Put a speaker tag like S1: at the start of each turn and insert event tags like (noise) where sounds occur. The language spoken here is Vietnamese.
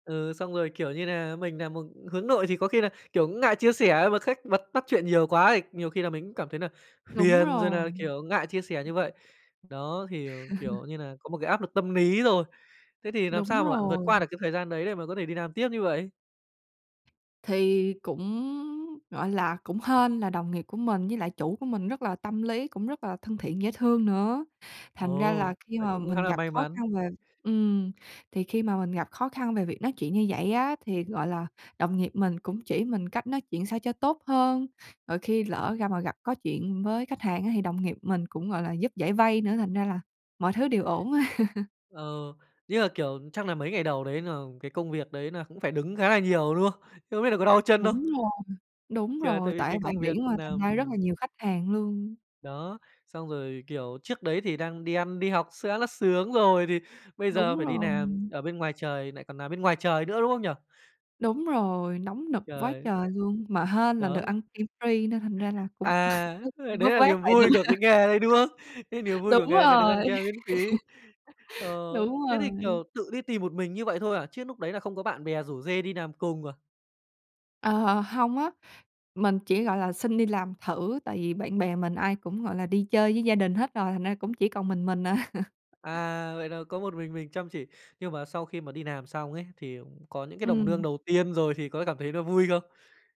S1: Ừ, xong rồi, kiểu như nà, mình nà một hướng nội thì có khi là, kiểu, ngại chia sẻ mà khách bật bắt chuyện nhiều quá thì nhiều khi là mình cũng cảm thấy là
S2: Đúng
S1: phiền rồi
S2: rồi.
S1: nà, kiểu, ngại chia sẻ như vậy. Đó, thì, ờ,
S2: (laughs)
S1: kiểu như là, có một cái áp lực tâm lý rồi. Thế thì làm
S2: Đúng
S1: sao mà bạn vượt
S2: rồi.
S1: qua được cái thời gian đấy để mà có thể đi làm tiếp như vậy?
S2: Thì cũng, gọi là, cũng hên là đồng nghiệp của mình với lại chủ của mình rất là tâm lý, cũng rất là thân thiện, dễ thương nữa. Thành ra
S1: Ồ,
S2: là khi
S1: vậy
S2: mà
S1: cũng khá
S2: mình
S1: là
S2: gặp
S1: may
S2: khó khăn
S1: mắn.
S2: về ừm, thì khi mà mình gặp khó khăn về việc nói chuyện như vậy á thì, gọi là, đồng nghiệp mình cũng chỉ mình cách nói chuyện sao cho tốt hơn. Rồi khi lỡ ra mà gặp có chuyện với khách hàng á thì đồng nghiệp mình cũng, gọi là, giúp giải vây nữa, thành ra là mọi thứ đều ổn. (laughs)
S1: Ờ, như là, kiểu, chắc là mấy ngày đầu đấy là cái công việc đấy là cũng phải đứng khá là nhiều, đúng không? Thế không biết là có đau chân không?
S2: Đúng rồi, đúng
S1: Thì là
S2: rồi,
S1: tại vì
S2: tại
S1: cái
S2: bãi
S1: công việc
S2: biển mà
S1: nà
S2: thành ra rất là
S1: ừm.
S2: nhiều khách hàng luôn.
S1: Đó, xong rồi, kiểu, trước đấy thì đang đi ăn, đi học sẽ là sướng rồi thì bây giờ
S2: Đúng
S1: phải đi
S2: rồi.
S1: làm ở bên ngoài trời, lại còn nà bên ngoài trời nữa, đúng không nhỉ?
S2: Đúng rồi, nóng nực quá
S1: Trời.
S2: trời luôn, mà hên là được
S1: Đó.
S2: ăn kem free nên thành ra là cũng
S1: À,
S2: (laughs) vớt
S1: ơ, đấy
S2: vớt
S1: là
S2: vát
S1: liềm
S2: lại được.
S1: vui của cái nghề đấy, đúng không? Cái niềm
S2: (laughs)
S1: vui của
S2: Đúng
S1: nghề là được ăn
S2: rồi.
S1: kem miễn phí. Ờ,
S2: (laughs) Đúng
S1: thế thì,
S2: rồi.
S1: kiểu, tự đi tìm một mình như vậy thôi à, chứ núc đấy là không có bạn bè rủ rê đi làm cùng à?
S2: Ờ, h hông á, mình chỉ, gọi là, xin đi làm thử tại vì bạn bè mình ai cũng, gọi là, đi chơi với gia đình hết rồi, thành ra cũng chỉ còn mình mình à.
S1: À, vậy là có một mình mình chăm chỉ, nhưng mà sau khi mà đi làm xong ấy, thì có những cái đồng nương
S2: Ừm.
S1: đầu tiên rồi thì có cảm thấy nó vui không?